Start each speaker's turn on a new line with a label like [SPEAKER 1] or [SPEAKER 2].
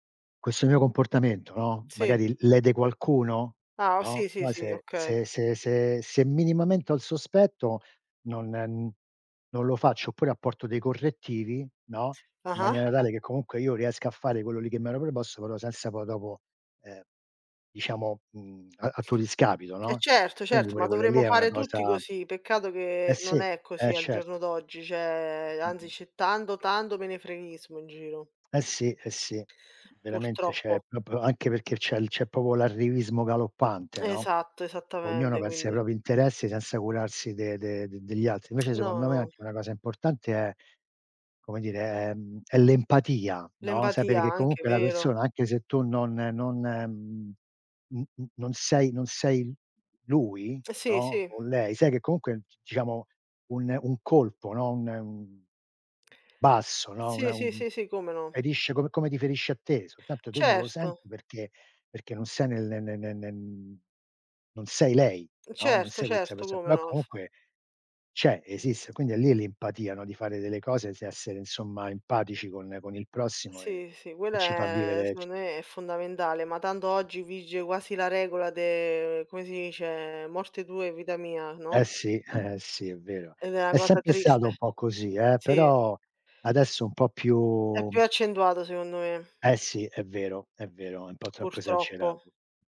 [SPEAKER 1] Questo mio comportamento, no,
[SPEAKER 2] Sì.
[SPEAKER 1] magari lede qualcuno,
[SPEAKER 2] Ah,
[SPEAKER 1] no,
[SPEAKER 2] sì sì
[SPEAKER 1] poi
[SPEAKER 2] sì,
[SPEAKER 1] se
[SPEAKER 2] okay.
[SPEAKER 1] se se se se minimamente ho il sospetto, non non lo faccio, oppure apporto dei correttivi, no, in
[SPEAKER 2] Ah-ah.
[SPEAKER 1] maniera tale che comunque io riesca a fare quello lì che mi ero preposto, però senza poi dopo, ehm, diciamo, mhmm, a tuo discapito,
[SPEAKER 2] E
[SPEAKER 1] no,
[SPEAKER 2] certo,
[SPEAKER 1] quindi
[SPEAKER 2] certo, ma
[SPEAKER 1] pure quella lì
[SPEAKER 2] dovremmo
[SPEAKER 1] è una
[SPEAKER 2] fare tutti
[SPEAKER 1] cosa
[SPEAKER 2] così. Peccato
[SPEAKER 1] Eh
[SPEAKER 2] che
[SPEAKER 1] sì,
[SPEAKER 2] non è
[SPEAKER 1] e
[SPEAKER 2] così al giorno
[SPEAKER 1] certo.
[SPEAKER 2] d'oggi, cioè, anzi
[SPEAKER 1] Mh-mh.
[SPEAKER 2] c'è tanto, tanto menefreghismo in giro.
[SPEAKER 1] Eh sì eh sì. Veramente, cioè è
[SPEAKER 2] Purtroppo.
[SPEAKER 1] proprio anche perché c'è c'è proprio l'arrivismo galoppante, no,
[SPEAKER 2] Esatto,
[SPEAKER 1] ognuno
[SPEAKER 2] esattamente,
[SPEAKER 1] pensa ai
[SPEAKER 2] quindi
[SPEAKER 1] propri interessi senza curarsi de de degli altri. Invece
[SPEAKER 2] No,
[SPEAKER 1] secondo me
[SPEAKER 2] no.
[SPEAKER 1] anche una cosa importante è come dire, è, mhmm, l'empatia, no, sapere
[SPEAKER 2] L'empatia,
[SPEAKER 1] che
[SPEAKER 2] anche,
[SPEAKER 1] comunque la
[SPEAKER 2] vero.
[SPEAKER 1] persona anche se tu non non n n non sei non sei lui,
[SPEAKER 2] Sì,
[SPEAKER 1] no,
[SPEAKER 2] sì.
[SPEAKER 1] o lei, sai che comunque diciamo un un colpo, no, un, mhmm basso, no,
[SPEAKER 2] Sì,
[SPEAKER 1] una
[SPEAKER 2] sì,
[SPEAKER 1] un
[SPEAKER 2] sì, sì, come no.
[SPEAKER 1] ferisce come come ti ferisce a te, soltanto te non lo
[SPEAKER 2] Certo.
[SPEAKER 1] senti perché perché non sei nel ne ne ne ne non sei lei, no, non
[SPEAKER 2] Certo,
[SPEAKER 1] sei questa
[SPEAKER 2] certo,
[SPEAKER 1] perso
[SPEAKER 2] come
[SPEAKER 1] però
[SPEAKER 2] no.
[SPEAKER 1] comunque c'è, esiste. Quindi è lì l'empatia, no, di fare delle cose, essere insomma empatici con con il prossimo e
[SPEAKER 2] Sì, sì,
[SPEAKER 1] e
[SPEAKER 2] quella
[SPEAKER 1] ci fa
[SPEAKER 2] è
[SPEAKER 1] vivere ci
[SPEAKER 2] secondo me è fondamentale, ma tanto oggi vige quasi la regola de come si dice, morte tua e vita mia,
[SPEAKER 1] Eh
[SPEAKER 2] no?
[SPEAKER 1] sì, eh eh, sì, è vero.
[SPEAKER 2] Ed è una
[SPEAKER 1] È
[SPEAKER 2] cosa
[SPEAKER 1] sempre stato
[SPEAKER 2] triste,
[SPEAKER 1] un po' così, eh,
[SPEAKER 2] sì.
[SPEAKER 1] però adesso un po'
[SPEAKER 2] É
[SPEAKER 1] più
[SPEAKER 2] più accentuata secondo me
[SPEAKER 1] Eh sì, è vero è vero, è un po' troppo
[SPEAKER 2] Purtroppo.
[SPEAKER 1] esagerato.